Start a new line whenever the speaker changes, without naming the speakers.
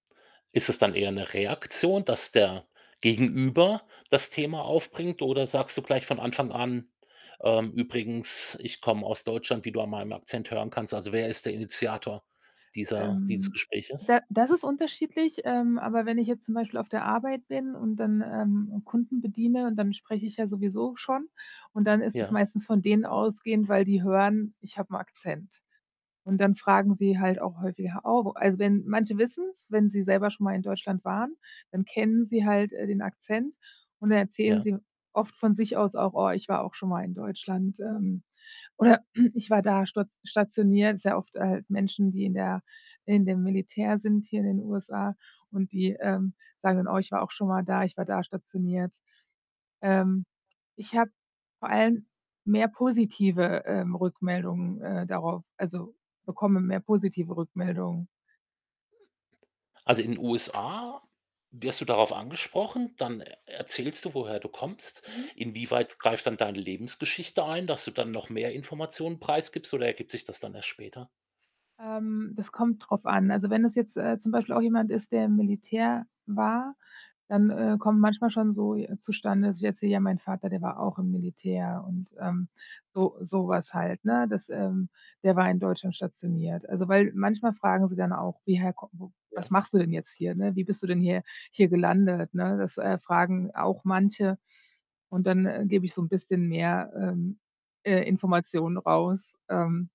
Ist es dann eher 'ne Reaktion, dass der Gegenüber das Thema aufbringt oder sagst du gleich von Anfang an, ähm: „Übrigens, ich komme aus Deutschland, wie du an meinem Akzent hören kannst?“ Also, wer ist der Initiator dieser dieses
Ähm,
Gespräches?
da das ist unterschiedlich, ähm, aber wenn ich jetzt zum Beispiel auf der Arbeit bin und dann, ähm, Kunden bediene und dann spreche ich ja sowieso schon und dann ist es
Ja.
meistens von denen ausgehend, weil die hören, ich habe 'n Akzent. Und dann fragen sie halt auch häufiger: „Oh, wo“ also, wenn manche wissen es, wenn sie selber schon mal in Deutschland waren, dann kennen sie halt, äh, den Akzent und dann erzählen
Ja.
sie oft von sich aus auch: „Oh, ich war auch schonmal in Deutschland“, ähm, oder „Ich war da stat stationiert.“ Ist ja oft, halt, Menschen, die in der in dem Militär sind, hier in den USA und die, ähm, sagen dann: „Oh, ich war auch schonmal da. Ich war da stationiert.“ Ähm, ich habe vor allem mehr positive, ähm, Rückmeldungen, äh, darauf also, bekomme mehr positive Rückmeldungen.
Also, in 'n USA wirst du darauf angesprochen, dann e erzählst du, woher du kommst.
Mhm.
Inwieweit greift dann deine Lebensgeschichte ein, dass du dann noch mehr Informationen preisgibst oder ergibt sich das dann erst später?
Ähm, das kommt darauf an. Also, wenn es jetzt, äh, zum Beispiel auch jemand ist, der im Militär war, dann, äh, kommt manchmal schon so, äh, zustande, dass jetzt so: „Ja, mein Vater, der war auch im Militär“, und ähm, so sowas halt, ne dass, ähm: „Der war in Deutschland stationiert.“ Also, weil manchmal fragen sie dann auch: „Wie, hä, wo was
Ja.
machst du denn jetzt hier, ne? Wie bist du denn hier hier gelandet, ne?“ Das, äh, fragen auch manche und dann, äh, gebe ich so 'n bisschen mehr, ähm, äh, Informationen raus. Ähm.